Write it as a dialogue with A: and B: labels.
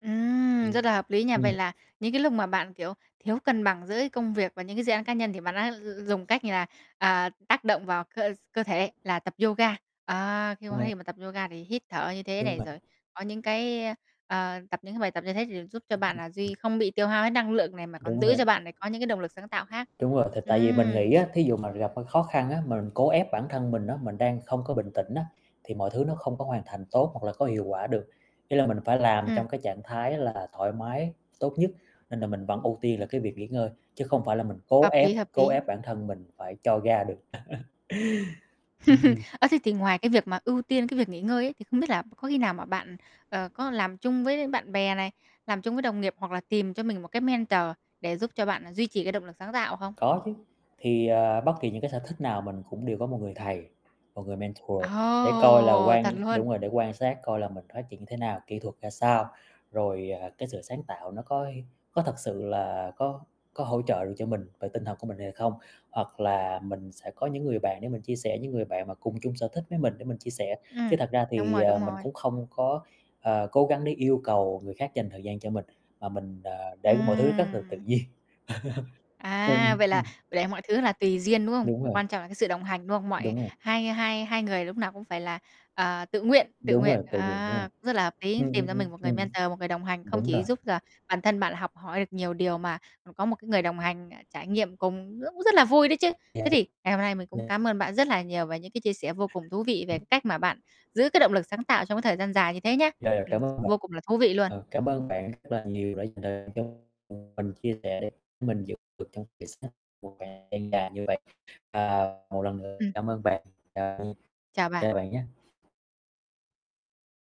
A: Ừm, rất
B: Ừm,
A: là hợp lý nha. Vậy
B: ừm.
A: là những cái lúc mà bạn, kiểu, thiếu cân bằng giữa công việc và những cái dự án cá nhân thì bạn đã dùng cách như là, à, tác động vào cơ s cơ thể là tập yoga. Ờ, khi
B: Ờ.
A: cơ thể mà tập yoga thì hít thở như thế
B: Đúng
A: này
B: vậy.
A: rồi, có những cái, ơ, ờ, tập những cái bài tập như thế thì giúp cho bạn là duy không bị tiêu hao hết năng lượng này mà còn
B: Đúng
A: giữ cho
B: rồi.
A: bạn lại có những cái động lực sáng tạo khác.
B: Đúng rồi, thì tại vì mình
A: Ừm.
B: nghĩ á, thí dụ mà gặp, ơ, khó khăn á, mà mình cố ép bản thân mình á, mình đang không có bình tĩnh á, thì mọi thứ nó không có hoàn thành tốt hoặc là có hiệu quả được, ý là mình phải làm
A: Ừm.
B: trong cái trạng thái là thoải mái tốt nhất, nên là mình vẫn ưu tiên là cái việc nghỉ ngơi, chứ không phải là mình cố
A: Hợp
B: ép,
A: lý, hợp
B: cố
A: lý.
B: ép bản thân mình phải cho ra được. Ừm, ừm.
A: Ơ, thế thì ngoài cái việc mà ưu tiên cái việc nghỉ ngơi ấy thì không biết là có khi nào mà bạn, ờ, có làm chung với bạn bè này, làm chung với đồng nghiệp hoặc là tìm cho mình một cái mentor để giúp cho bạn là duy trì cái động lực sáng tạo không?
B: Có chứ, thì, ờ, bất kỳ những cái sở thích nào mình cũng đều có một người thầy, một người mentor để coi là
A: Ồ, thật
B: quan đúng
A: luôn!
B: rồi, để quan sát coi là mình phát triển như thế nào, kỹ thuật ra sao. Rồi, à, cái sự sáng tạo nó có có thật sự là có có hỗ trợ được cho mình về tinh thần của mình hay là không? Hoặc là mình sẽ có những người bạn để mình chia sẻ, những người bạn mà cùng chung sở thích với mình để mình chia sẻ, chứ
A: Ừm,
B: thật ra
A: đúng
B: thì,
A: rồi,
B: ờ,
A: đúng
B: mình
A: rồi.
B: cũng không có, ờ, cố gắng để yêu cầu người khác dành thời gian cho mình, mà mình, ờ, để mọi thứ rất là tự
A: Ừm!
B: nhiên.
A: À,
B: Ừm,
A: vậy là
B: ừm.
A: để mọi thứ là tùy duyên, đúng không?
B: Đúng rồi.
A: Quan trọng là cái sự đồng hành, đúng không? Mọi
B: Đúng rồi.
A: hai hai hai người lúc nào cũng phải là, ờ, tự nguyện tự
B: Đúng rồi,
A: nguyện,
B: tự nguyện, đúng rồi.
A: à, cũng rất là hợp lý,
B: Ừm,
A: tìm
B: ừm,
A: cho
B: ừm.
A: mình một người
B: Ừm.
A: mentor, một người đồng hành, không
B: Đúng rồi.
A: chỉ giúp là bản thân bạn là học hỏi được nhiều điều mà, ừm, có một cái người đồng hành, ờ, trải nghiệm cùng rất cũng rất là vui đấy chứ. Thế thì ngày hôm nay mình cũng
B: [unintelligible]
A: cám ơn bạn rất là nhiều về những cái chia sẻ vô cùng thú vị về cái cách mà bạn giữ cái động lực sáng tạo trong cái thời gian dài như thế nhá.
B: Rồi, rồi,
A: Ừm,
B: cảm ơn bạn.
A: vô cùng là thú vị luôn.
B: Ờ, cảm ơn bạn rất là nhiều đã dành [unintelligible] mình chia sẻ để mình giữ được trong [unintelligible] một thời gian dài như vậy. À, một lần nữa
A: Ừm.
B: cảm ơn bạn, chào nha,
A: Chào
B: chào
A: bạn.
B: bạn nhá.